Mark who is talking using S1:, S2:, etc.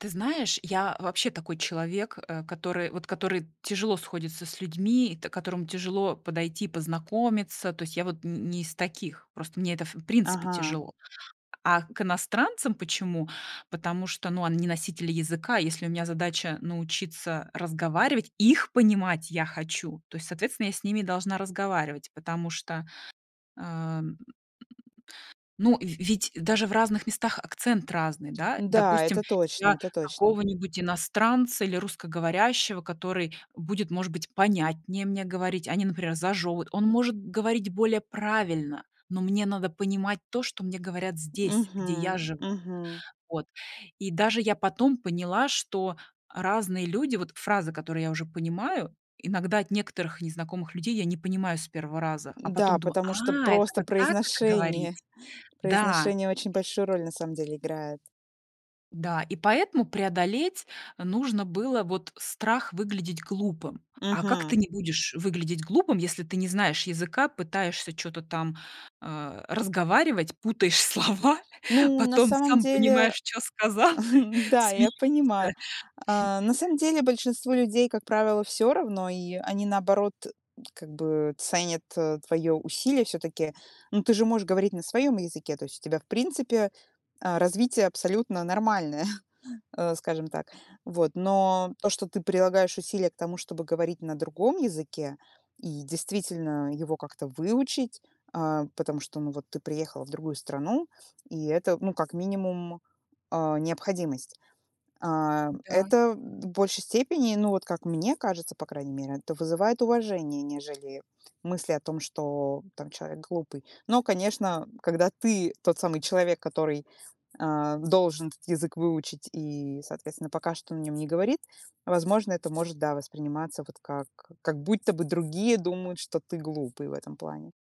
S1: Ты знаешь, я вообще такой человек, э, который вот который тяжело сходится с людьми, та которому тяжело подойти, познакомиться. То есть я вот н не из таких, просто мне это в принципе
S2: Ага.
S1: тяжело. А к иностранцам почему? Потому что, ну, они носители языка, если у меня задача научиться разговаривать, их понимать я хочу, то есть, соответственно, я с ними должна разговаривать, потому что, ам, ну, в ведь даже в разных местах акцент разный, да.
S2: Да,
S1: Допустим,
S2: это точно,
S1: я
S2: это точно.
S1: какого-нибудь иностранца или русскоговорящего, который будет, может быть, понятнее мне говорить, а не, например, зажёвывать. Он может говорить более правильно, но мне надо понимать то, что мне говорят здесь, где я
S2: Мгм.
S1: живу.
S2: Мгм.
S1: Вот. И даже я потом поняла, что разные люди, вот фразы, которые я уже понимаю, иногда от некоторых незнакомых людей я не понимаю с 1 раза, а
S2: Да,
S1: потом думаю:
S2: потому что
S1: "А, это
S2: просто
S1: вот так это
S2: произношение.
S1: говорите?" Да.
S2: Произношение очень большую роль на самом деле играет.
S1: Да, и поэтому преодолеть нужно было вот страх выглядеть глупым. А как
S2: Мгм.
S1: ты не будешь выглядеть глупым, если ты не знаешь языка, пытаешься чё-то там, э, разговаривать, путаешь слова,
S2: Ну, на
S1: потом
S2: самом
S1: сам
S2: деле,
S1: понимаешь, чё сказал,
S2: да, я
S1: смеешься.
S2: понимаю. А, на самом деле большинству людей, как правило, всё равно, и они, наоборот, как бы ценят твоё усилие всё-таки. Ну, ты же можешь говорить на своём языке, то есть у тебя, в принципе, а, развитие абсолютно нормальное, э, скажем так. Вот, но то, что ты прилагаешь усилия к тому, чтобы говорить на другом языке и, действительно, его как-то выучить, а, потому что, ну, вот ты приехала в другую страну, и это, ну, как минимум, а, необходимость. А,
S1: Да.
S2: это в большей степени, ну, вот как мне кажется, по крайней мере, это вызывает уважение, нежели мысли о том, что там человек глупый. Но, конечно, когда ты тот самый человек, который, а, должен этот язык выучить и, соответственно, пока что на нём не говорит, возможно, это может, да, восприниматься вот как как будто бы другие думают, что ты глупый в этом плане.